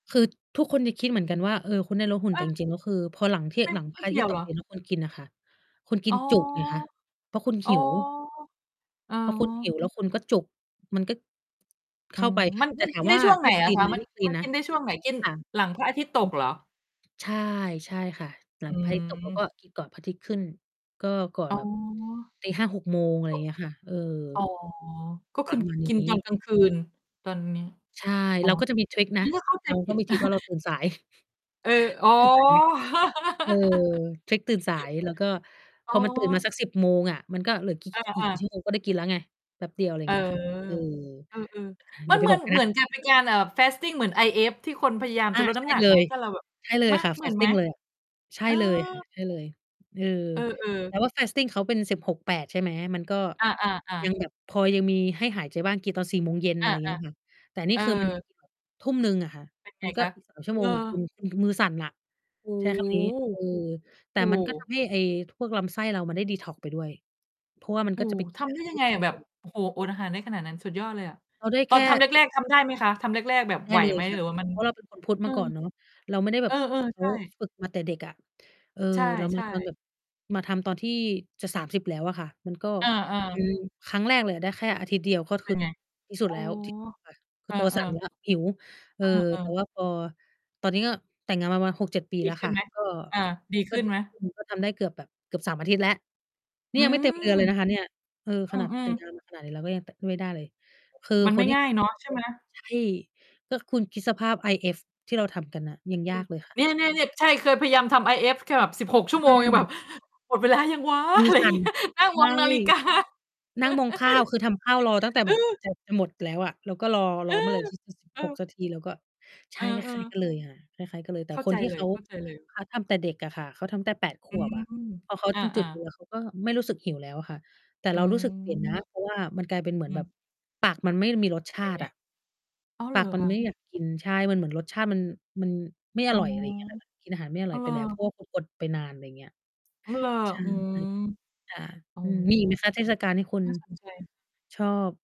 คือทุกคนจะคิดเหมือนกันว่า เออ คุณได้ลดหุ่น เแต่จออ ริง ๆ ก็คือพอหลังที่ ไม่ หลังพไมร่ะเอากีทิ่ตยย์วตเหรกอ? ดินแล้วคุณกินน่ะค่ะ คุณกอิ๋นอ จุไงคะ เพราะคุณอ๋หอ ิว อ๋อ พอคุณหิวแล้วคุณก็จุก มันก็ อเืข้าม ไป มัน แต่มัน ถามไดว้่าช่วงไหไนด้ คอละีน คไะ หม? มัไดน ้คลีมันนนกะ ินได้ช่วงไหน กินค่ะ หลังพระอาทิตย์ตอืกม เหรอ? ใช่ ใช่ค่ะ หลอังพระอาทิตย์ตกแล้วกืม ็กินก่อนพระอาทิตย์ขึ้น ก็ก่อนอ๋แบบ อ ตี 5 6 โมง อะไรอย่างเงี้ยค่ะ เออ อ๋อ ก็ปครือะมาณกินนีต้ อนกลางคืน ตอนนี้ ใช่ อ๋อ เราก็จะมีทริกนงัะ ้นก็เข้าใจเราผก็ิด มีทริกว่าเราตื่นสาย เออ เราอ๋อ ก็ตื่นสายไง เออ เช็กตื่นสาย แล้วก็พอ๋ออ มันตื่นมาสัก 10 โมงอะ มันก็เหลือ ก อีก อกี่ า กี่ๆ ชั่วโมงก็ได้กินแล้วไง แป๊บเดียว อะไรเออ เงี้ยค่ะ เออ เออ ๆ อมัย่านไปเหมืบออก น ใครเนหมืะ อนกับเป็นการ เอ่อ fasting เหมือน IF ที่คนพยายามอจา ะลดนใช้ำ่หนักเลไหม? ย ถ้าเราแบบ ใช่เลมยะ ค่ะ เหมือนไหม? fasting เลย ใช่เออ เลยค่ะ ใช่เลย เออ เอแอ ตๆ ่ว่า fasting เขาเป็น 16/8 ใช่ไหม มันก็อา ยัๆ ๆ งแบบพอยังมีให้หายใจบ้าง กินตอน 16:00 ออะไรา อย่างเงี้ยค่ะ แต่นๆ เี่ออ คือมัน 19:00 อะค่ะ เป็น ไมงันกค็ ะ? อีก 3 ชั่วโเมหรงอ? แหละคุณ คุณคือมือสั่นน่ะ โอ้ใช้ คำนี้ เออ แโฮ ตโอ่้โมันก็ทฮ ำให้ไอ้พวกลำไส้เรามันได้ดีท็อกซ์ไปด้วย เพราะว่ามันโอก้็จโฮ ะไป ทำได้ยังไงอะ แบบ โอ้โฮ อดอาหารได้ขนาดนั้น สุดยอดเลยอะ เอาได้ตแอคนทำ่ แรก ๆ ทำได้ไหมคะ? ทำแรก ๆ แบบได้ไหวเลไยหม? ค่หะ รือว่ามัน เพราะเรา เป็นคน พุทธอมืาก่ม อนเนาะ เราไม่ได้แบเอบ อ เหมือนเๆ ขใชา ่ ฝึกมาแต่เด็กอะ เออ ใช่ เรามาตอนแๆ บบ มาทำตอนที่จะ 30 แล้วอะค่ะ มันก็ อา อืๆ ม ครั้งแรกเลยอะได้แค่อาทิตย์เดียว ก็เปคื็อนไง? ที่สุอด๋อ แล้วที่ ค่ะ คเือออ ตัวๆ สั่นแล้ว หิว เอเออ อ แต่วๆ ่าพอ ตอนนี้ก็แต่งงานมาประมาณ 6-7 ปีดีแล้วขึ้คน่ะ ไหม? ก็ เออ ดีกข็ ึ้นดิ ไหม? อืม ก็ทำได้เกือบแบบ เกือบ 3 อาทิตย์แล้ว นอี่ืยังไม่เต็มเดม ือนเลยนะคะเนี่ย เออ อขืนาด แตอ ่งๆ งานมา ขนาดนี้เราก็ยังแตะไม่ได้เลย คือมันคไมน่ที่ ง่ายเนาะ ใช่ไหม? ใช่ ก็คุณคิดสภาพ IF ที่เราทำกันน่ะ ยังอืยาม กเลยค่เนะ ี่ย ๆ ๆ ใช่ เคยพยายามทำ IF แค่แบบ 16 ชัอ่วโมง ยังแบือ บ "หมดเวลายังว้า" มืออะไรอสย่าั่งเน งี้น่ย ะ นั่งใชมอ่ งนาฬิกา นั่งมองข้าว คือทำข้าวรอตั้งแต่อืแบบ อ แบบจะหมดแล้วอะ แล้วก็รอ เรอออ เมื่อไหร่ อีก สิบเอหก อ นาทีแล้วก็ ใชเอ่ คล้าอ ย ๆ ๆ กันเลยค่ะ คล้าย ๆ กันเลย แต่เข้าคใจนที่เลเขา ย ๆ เขาทำแต่เด็กอะค่ะ เขาทำตั้งแต่ 8 ขอืวบอะ ม พอเขาอา จึงจุดเลๆ ยอะ เขาก็ไม่รู้สึกหิวแล้วค่ะ แต่อืเรารู้สึกเปลี่ยนนะ ม เพราะว่ามันกลายเป็นเหมืออืนแบบม ปากมันไม่มีรสชเป็านตไิง? อะ อ้าว ปเหารกอมัคนะ? ไม่อยากกิน ใช่ มันเหมือนรสชาติมัน มันไม่ออ๋อ ร่อย ไรอย่างเงี้ยค่ะ กินอาหารไม่ออร้่าอว ยเหไรปอ? แล้ว เพราะว่าถูกอดไปนาน อะไรเงี้ย อ้าว เหรอ? ใช่อืม ค่ะ โอ้อืม โมีฮ อีกไหมคะเทศกาลที่คุณ น่าสนใจ ชอบ?